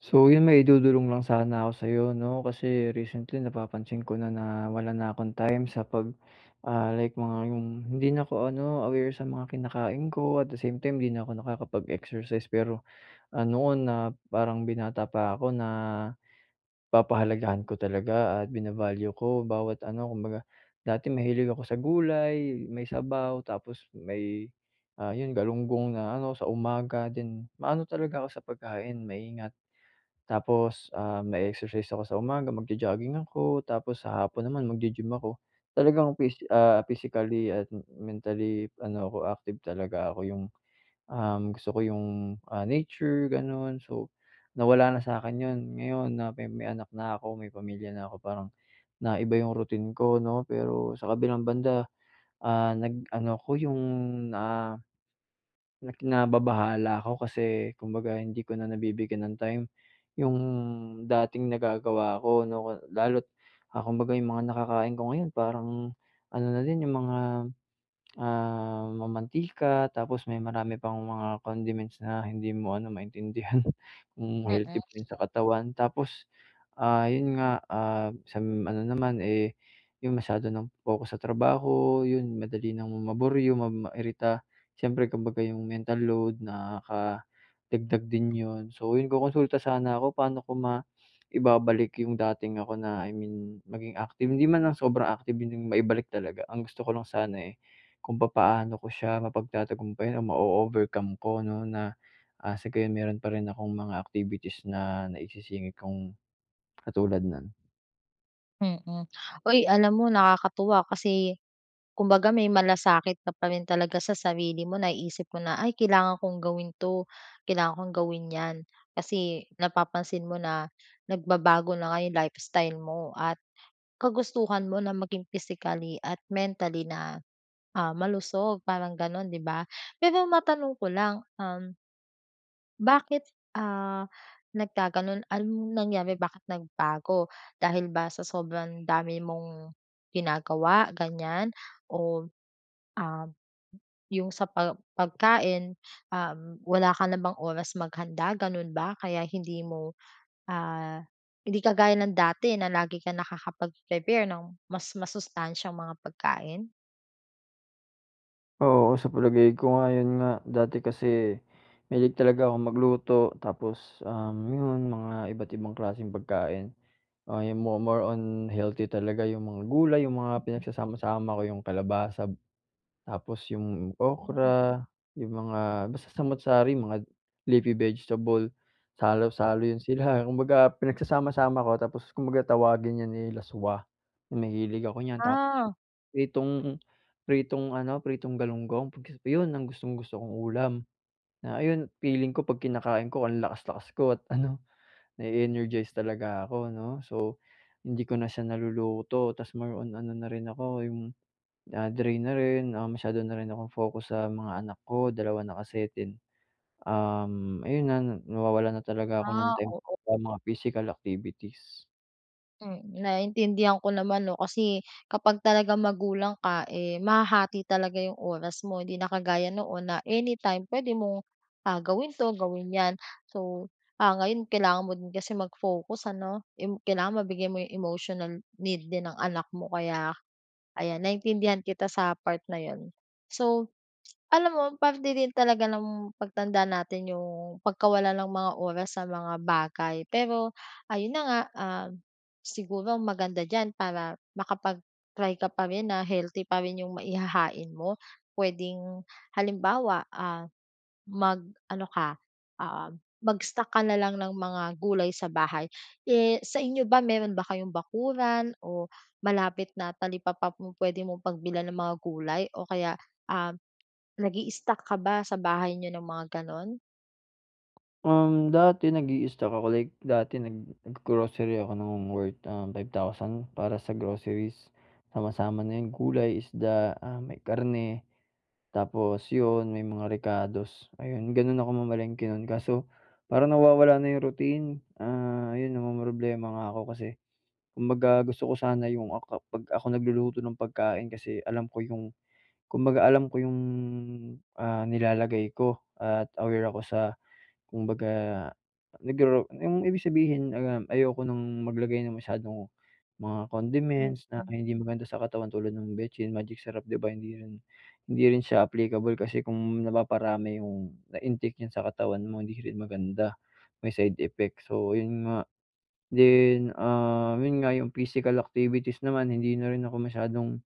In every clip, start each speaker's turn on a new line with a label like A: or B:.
A: So 'yon, may idudulong lang sana ako sa'yo 'no, kasi recently napapansin ko na na wala na akong time sa pag, ah, like mga yung hindi na ako ano aware sa mga kinakain ko at the same time 'di na ako nakakapag-exercise, pero, ano na parang binata pa ako na, papahalagahan ko talaga at bina-value ko bawat ano kumbaga. Dati mahilig ako sa gulay, may sabaw, tapos, may, ah, 'yon galunggong na ano sa umaga din, maano talaga ako sa pagkain maingat. Tapos, ah, mae-exercise ako sa umaga mag-jo-jogging ako, tapos sa hapon naman magi-gym ako, talagang pis ah, physically at m mentally ano ako active talaga ako yung, uhm, gusto ko yung, ah, nature gano'n. So, nawala na sa'kin 'yon, ngayon na may may anak na ako may pamilya na ako parang, na iba yung routine ko 'no, pero sa kabilang banda, ah, nag-ano ko yung na na nababahala ako kasi kumbaga hindi ko na nabibigyan ng time, yung dating nagagawa ko 'no. Lalo't, ah, kumbaga yung mga nakakain ko ngayon parang, ano na din yung mga, ah, mamantika, tapos may marami pang mga condiments na hindi mo ano maintindihan, kung
B: Mm.
A: healthy ba 'yon sa katawan. Tapos, ah, 'yon nga, ah, sa ano naman eh, yung masyado ng focus sa trabaho, 'yon madali ng maburyong, ma mairita, siyempre kambaga yung mental load nakadagdag din 'yon. So 'yon, kokonsulta sana ako. Pa'no ko maibabalik yung dating ako na I mean maging active, hindi man lang sobrang active 'yon 'yong maibalik talaga, ang gusto ko lang sana, eh, kung papaano ko siya mapagtatagumpayan o mao-overcome ko 'no na, ah, sagayon meron pa rin akong mga activities na naisisingit kung katulad no'n.
B: Mm. Hoy, alam mo, nakakatuwa kasi kumbaga, may malasakit ka pa rin talaga sa sarili mo. Naisip mo na, ay, kailangan kong gawin 'to, kailangan kong gawin 'yan. Kasi napapansin mo na nagbabago na nga 'yong lifestyle mo at kagustuhan mo na maging physically at mentally na, ah, malusog, parang gano'n, 'di ba? Pero matanong ko lang, um, bakit, ah, nagkagano'n? Anong nangyari, bakit nagbago? Dahil ba sa sobrang dami mong ginagawa, ganiyan? O, um, 'yong sa pa pagkain, um, wala ka na bang oras maghanda, gano'n ba, kaya hindi mo, ah hindi kagaya ng dati na lagi ka nakakapag-prepare ng mas masustansyang mga pagkain?
A: Oo, sa palagay ko nga, 'yon nga, dati kasi mahilig talaga akong magluto tapos, um, 'yon, mga iba't ibang klaseng pagkain. Ah, 'yong mo more on healthy talaga, 'yong mga gulay, 'yong mga pinagsasama-sama ko, 'yong kalabasa, tapos 'yong
B: Hmm.
A: okra, 'yong mga basta, samu't-sari, mga leafy vegetable,
B: Po
A: salo-salo 'yon sila. Kumbaga, pinagsasama-sama ko, tapos kumbaga tawagin 'yon, eh, laswa. Mahilig ako niyan. Tapos 'yong
B: Ah.
A: pritong, pritong ano, pritong galunggong, [unintelligible] 'yon ang gustong-gusto kong ulam. Na ayun, feeling ko 'pag kinakain ko ang lakas-lakas ko, at ano, na-e-energize talaga ako, 'no. So, hindi ko na siya naluluto. 'Tas more on na rin ako 'yong, ah, drain na rin, ah, masyado na rin akong focus sa mga anak ko, dalawa na kasi, then, um, ayun na na nawawalan na talaga ako ng
B: Ah,
A: time
B: oo.
A: sa mga physical activities.
B: Hmm, naiintindihan ko naman 'no. Kasi kapag talagang magulang ka, eh, mahahati talaga yung oras mo. 'Di na kagaya noon na anytime puwede mong, ah, gawin 'to, gawin 'yan. So, ah, ngayon kailangan mo din kasi mag-focus ano. Im kailangan mabigay mo yung emotional need din ng anak mo, kaya ayan, naintindihan kita sa part na 'yon. So, alam mo parte din talaga ng pagtanda natin yung pagkawala ng mga oras sa mga bagay, pero ayun na nga, ah, siguro maganda diyan para makapag-try ka pa rin na healthy pa rin yung maihahain mo puwedeng, halimbawa, ah, mag ano ka, oo, mag-stock ka na lang ng mga gulay sa bahay. Eh, sa inyo ba, meron ba kayong bakuran o malapit na talipapa pu-pwede mong pagbilhan ng mga gulay? O kaya, ah, nag-i-stock ka ba sa bahay niyo ng mga gano'n?
A: Um, dati nag-i-stock ako, like, dati naggro-grocery ako ng worth, uhm, 5,000 para sa groceries. Sama, sama na yung gulay, isda, ah, may karne. Tapos yun, may mga rekados, ayun, ganun ako mamalengke nun kaso parang nawawala na yung routine. Ah, 'yon namomroblema nga ako kasi kumbaga gusto ko sana yung ak 'pag ako nagluluto ng pagkain kasi alam ko yung kumbaga alam ko yung, ah, nilalagay ko, at aware ako sa kumbaga naggaw yung ibig sabihin, uhm, ayoko ng maglagay ng masyadong mga condiments na
B: Mm.
A: hindi maganda sa katawan tulad nung betsin, magic sarap, 'di ba, hindi rin hindi rin siya applicable kasi kung napaparami yung na-intake diyan sa katawan mo, hindi rin maganda, may side effects, so yun nga. Then, ah, yun nga, yung physical activities naman, hindi na rin ako masyadong,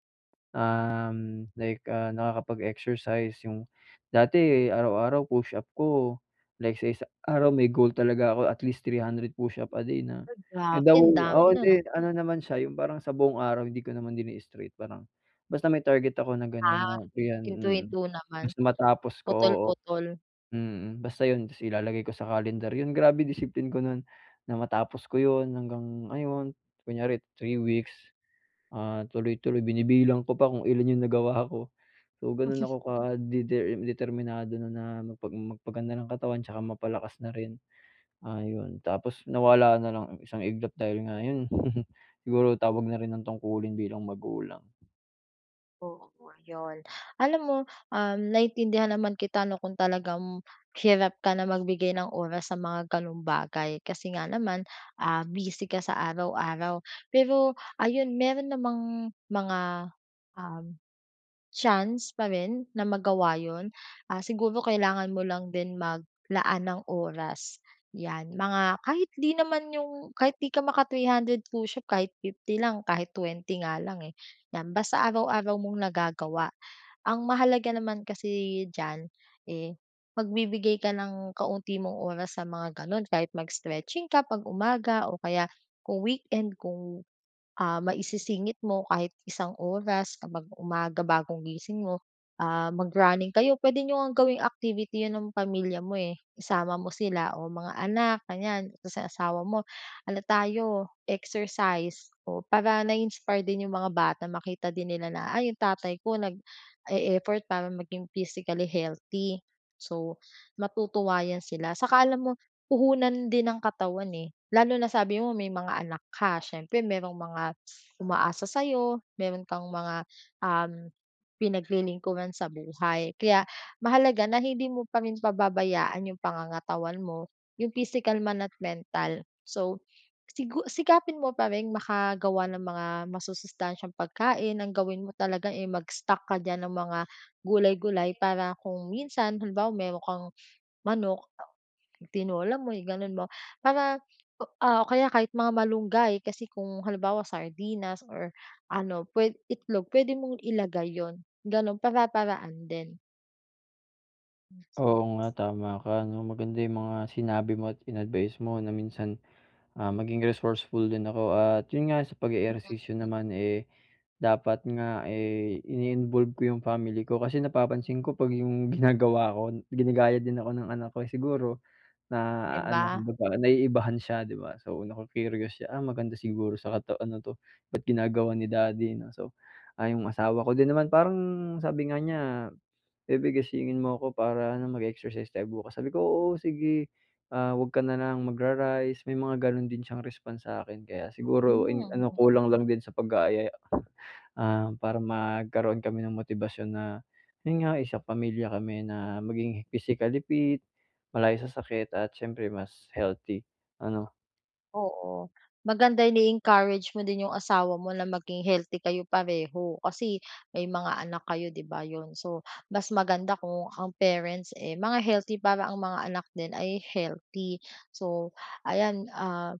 A: uhm, like, ah, nakakapag-exercise. Yung dati, araw-araw push-up ko like sa isang araw, may goal talaga ako at least 300 push-up a day na
B: Uy, grabe. Ang
A: down
B: dami
A: oo,
B: nun, ah.
A: hindi. Ano naman siya yung parang sa buong araw, hindi ko naman din straight, parang basta may target ako na gano'n,
B: Ah,
A: oh, ayan, mm.
B: hinto-hinto naman,
A: Basta matapos ko, oo,
B: putol-putol.
A: mm, basta 'yon. Ta's ilalagay ko sa calendar yun, grabe discipline ko nun na matapos ko 'yon hanggang, ayon kunyari 3 weeks, ah, tuloy-tuloy. Binibilang ko pa kung ilan yung nagawa ko, so ganun ako kadeter determinado no'n na magpa magpaganda ng katawan tsaka mapalakas na rin, ah, yun. Tapos nawala na lang ng isang iglap dahil nga yun siguro tawag na rin ng tungkulin bilang magulang.
B: Oo, 'yon. Alam mo, um, naintindihan naman kita 'no, kung talagang hirap ka na magbigay ng oras sa mga gano'ng bagay kasi nga naman, ah, busy ka sa araw-araw. Pero, ayun mayro'n namang mga, um, chance pa rin na magawa 'yon, ah, siguro kailangan mo lang din maglaan ng oras, 'yan. Mga kahit 'di naman 'yung kahit di ka maka 300 push-up kahit 50 lang kahit 20 nga lang, eh, 'yan basta araw-araw mong nagagawa. Ang mahalaga naman kasi diyan, eh, magbibigay ka ng kaunti mong oras sa mga gano'n, kahit mag-stretching ka 'pag umaga o kaya kung weekend kung, ah, maisisingit mo kahit isang oras kapag umaga bagong gising mo. Ah, mag-running kayo, puwede niyo ngang gawing activity 'yon ng pamilya mo, eh. Isama mo sila o mga anak ganiyan tapos yung asawa mo, "Ano tayo exercise" o, para na-iinspire din yung mga bata makita din nila na, "ah, yung tatay ko nag e-effort para maging physically healthy." So, matutuwa 'yan sila. 'Saka alam mo, puhunan din ang katawan, eh. Lalo na sabi mo may mga anak ka, siyempre mayrong mga umaasa sa'yo. Mayro'n kang mga, um, pinaglilingkuran sa buhay, kaya mahalaga na hindi mo pa rin pababayaan yung pangangatawan mo, yung physical man at mental. So, sigu sikapin mo pa ring makagawa ng mga masusustansyang pagkain, ang gawin mo talaga, eh, mag-stock ka diyan ng mga gulay-gulay para kung minsan halimbawa mayro'n kang manok itinola mo i-gano'n mo para, ah, o kaya kahit mga malunggay kasi kung halimbawa sardinas or ano puwe itlog puwede mong ilagay 'yon gano'n, para-paraan din.
A: Oo nga tama ka 'no, maganda yung mga sinabi mo at in-advice mo na minsan, ah, maging resourceful din ako. At yun nga sa pag-e-ehersisyo naman, eh, dapat nga, eh, ini-involve ko 'yong family ko. Kasi napapansin ko 'pag 'yong ginagawa ko, ginagaya din ako ng anak ko, eh. Siguro, na
B: 'Di
A: ano
B: ba?
A: naiibahan siya, 'di ba? So, nacu-curious siya, ah, maganda siguro sa kata ano 'to, "Ba't ginagawa ni daddy," 'no. So, ah 'yong asawa ko din naman parang sabi nga niya, "Baby gisingin mo ko para ano mag-exercise tayo bukas," sabi ko, "Oo, sige." "Ah, huwag ka na lang magra-rice," may mga ganun din siyang response sa'kin, kaya siguro in ano
B: Hmm.
A: kulang lang din sa pag-aaya. Um, para magkaro'n kami ng motibasyon na yun nga, eh, isang pamilya kami na maging physically fit, malayo sa sakit at siyempre mas healthy, ano?
B: Oo, maganda 'yan i-encourage mo din yung asawa mo na maging healthy kayo pareho, kasi may mga anak kayo, 'di ba, yun. So, mas maganda kung ang parents, eh, mga healthy para ang mga anak din ay healthy. So, ayan, ah,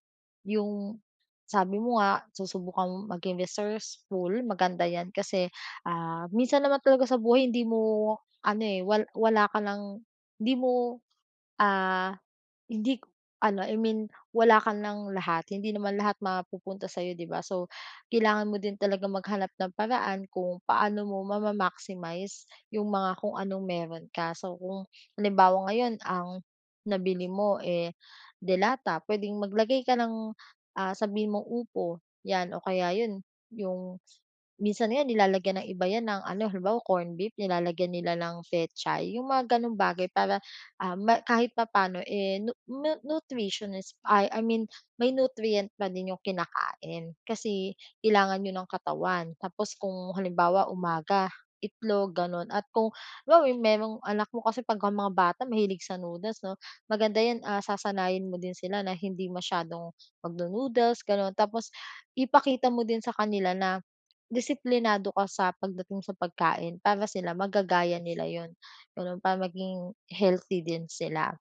B: yung, sabi mo nga susubukang maging resourceful, maganda 'yan kasi, ah, minsan naman talaga sa buhay hindi mo, ano, eh, wal wala ka lang, hindi mo, ah, hindi k ano, I mean wala ka ng lahat, hindi naman lahat mapupunta sa'yo, 'di ba? So, kailangan mo din talagang maghanap ng paraan kung paano mo ma-maximize yung mga kung anong meron ka. So, kung halimbawa ngayon ang, nabili mo, eh, de lata puwedeng maglagay ka ng, ah, sabihin mong upo 'yan o kaya yun yung, minsan nga nilalagyan ng iba 'yan ng ano, halimbawa corn beef nilalagyan nila ng pechay, 'yong mga ganong bagay para, ah, ma kahit papa'no, eh, nu nu-nutritionist, ah, I mean may nutrient pa din 'yong kinakain, kasi kailangan 'yon ng katawan. Tapos kung halimbawa umaga, itlog gano'n at kung halimbawa merong anak mo kasi pagka mga bata mahilig sa noodles 'no, maganda 'yan, ah, sasanayin mo din sila na hindi masyadong magno-noodles gano'n. Tapos ipakita mo din sa kanila na disiplinado ka sa pagdating sa pagkain para sila magagaya nila 'yon gano'n, para maging healthy din sila.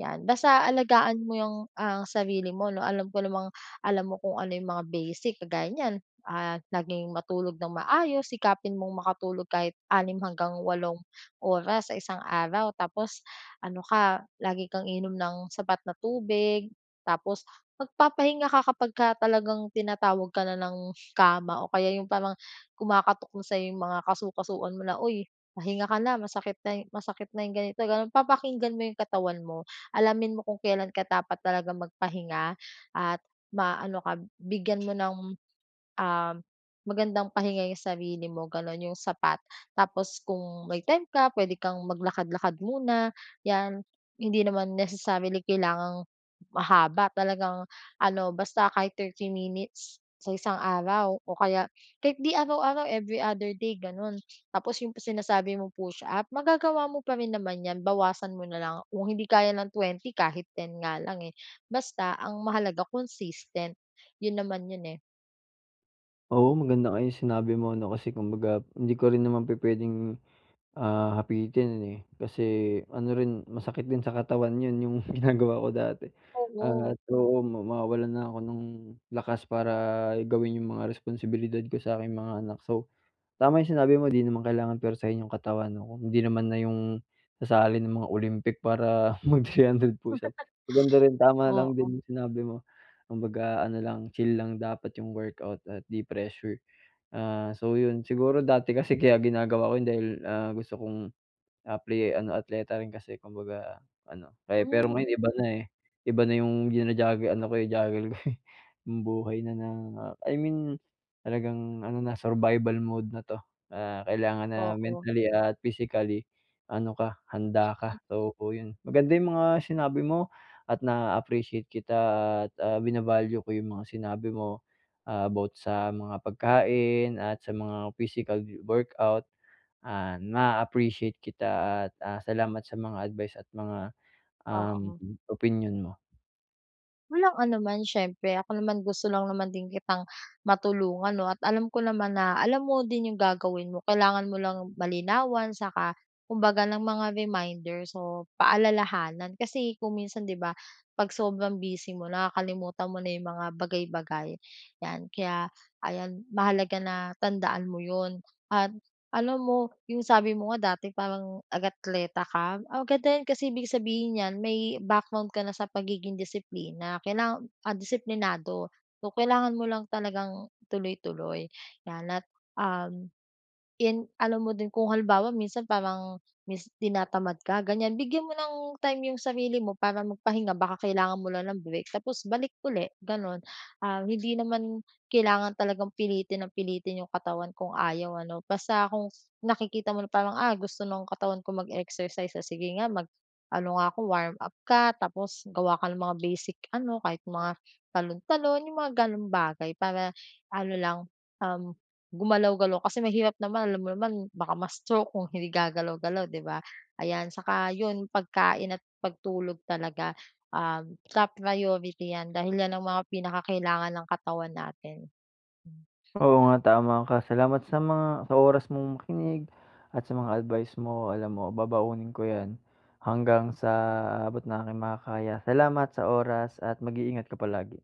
B: 'Yan basta alagaan mo 'yong, ang sarili mo 'no, alam ko namang alam mo kung ano 'yong mga basic kagaya niyan. Ah, naging matulog nang maayos, sikapin mong makatulog kahit 6 hanggang walong oras sa isang araw. Tapos ano ka lagi kang iinom ng sapat na tubig, tapos magpapahinga ka kapag ka talagang tinatawag ka na ng kama o kaya yung parang kumakatok na sa'yo 'yong mga kasu-kasuan mo na, "Uy, pahinga ka na masakit na yu masakit na 'yong ganito-gano'n," papakinggan mo 'yong katawan mo. Alamin mo kung kailan ka dapat talagang magpahinga at maano ka bigyan mo ng, um, magandang pahinga 'yong sarili mo gano'n 'yong sapat. Tapos kung may time ka puwede kang maglakad-lakad muna, 'yan. Hindi naman necessarily kailangang, mahaba talagang ano basta kahit 30 minutes sa isang araw o kaya kahit 'di araw-araw, every other day gano'n. Tapos 'yong sinasabi mong push-up magagawa mo pa rin naman 'yan, bawasan mo na lang kung hindi kaya ng 20 kahit 10 nga lang, eh, basta ang mahalaga consistent, 'yon naman 'yon, eh.
A: Oo, maganda nga yung sinabi mo, 'no? Kasi kumbaga hindi ko rin naman pupuwedeng, ah, hapitin, eh. Kasi ano rin masakit din sa katawan 'yon yung ginagawa ko dati,
B: Tama.
A: at oo, mawawalan na ako ng lakas para gawin yung mga responsibilidad ko sa aking mga anak. So, tama yung sinabi mo, di naman kailangan puwersahin yung katawan 'no, kung hindi naman na yung sasali ng mga Olympic para mag-three hundred push up. Maganda rin tama lang
B: Oo.
A: din yung sinabi mo. Kumbaga ano lang, chill lang dapat yung workout at di pressure. Ah, so, 'yon, siguro dati kasi kaya ginagawa ko yun dahil, ah, gusto kong, apply, eh, ano, atleta rin kasi. Kumbaga ano, kaya pero
B: Hmm.
A: ngayon iba na, eh. Iba na yung jina-juggle, ano ko, juggle ko eh, yung buhay na ng I mean talagang ano na, survival mode na 'to. Ah, kailangan na
B: Oo.
A: mentally at physically ano ka, handa
B: Mm.
A: ka, oo, yun. Maganda yung mga sinabi mo at naa-appreciate kita at, ah, vina-value ko yung mga sinabi mo. Ah, about sa mga pagkain at sa mga physical wo workout. Ah, naa-appreciate kita at, ah, salamat sa mga advice at mga, uhm,
B: Oo.
A: opinyon mo.
B: Walang anuman siyempre. Ako naman gusto lang naman din kitang matulungan 'no, at alam ko naman na alam mo din yung gagawin mo. Kailangan mo lang malinawan 'saka kumbaga ng mga reminders o paalalahanan. Kasi kung minsan 'di ba, pag sobrang busy mo nakakalimutan mo na yung mga bagay, bagay 'yan. Kaya ayan, mahalaga na tandaan mo 'yon at alam mo yung sabi mo nga dati parang atleta ka, ah, ganda 'yan kasi ibig sabihin nyan may background ka na sa pagiging disiplina kailangan, ah, disiplinado so, kailangan mo lang talagang tuloy, tuloy yan. At, uhm, 'yan alam mo din kung halimbawa minsan parang mis tinatamad ka ganyan bigyan mo ng time 'yong sarili mo para magpahinga baka kailangan mo lang ng break tapos balik uli gano'n. Ah, hindi naman kailangan talagang pilitin ng pilitin 'yong katawan kung ayaw ano basta kung nakikita mo na parang, "ah gusto ng katawan ko mag-exercise o sige nga mag ano nga ako warm up" ka, tapos gawa ka ng mga basic ano kahit mga talon, talon, yung mga ganong bagay para ano lang, uhm, gumalaw-galaw. Kasi mahirap naman alam mo naman baka ma-stroke kung hindi gagalaw-galaw 'di ba, ayan. Tsaka 'yon pagkain at pagtulog talaga, um, top priority 'yan dahil 'yan ang mga pinakakailangan ng katawan natin.
A: Oo nga tama ka, salamat sa mga sa oras mong makinig at sa mga advice mo alam mo babaunin ko yan hanggang sa abot ng aking makakaya. Salamat sa oras at mag-iingat ka palagi.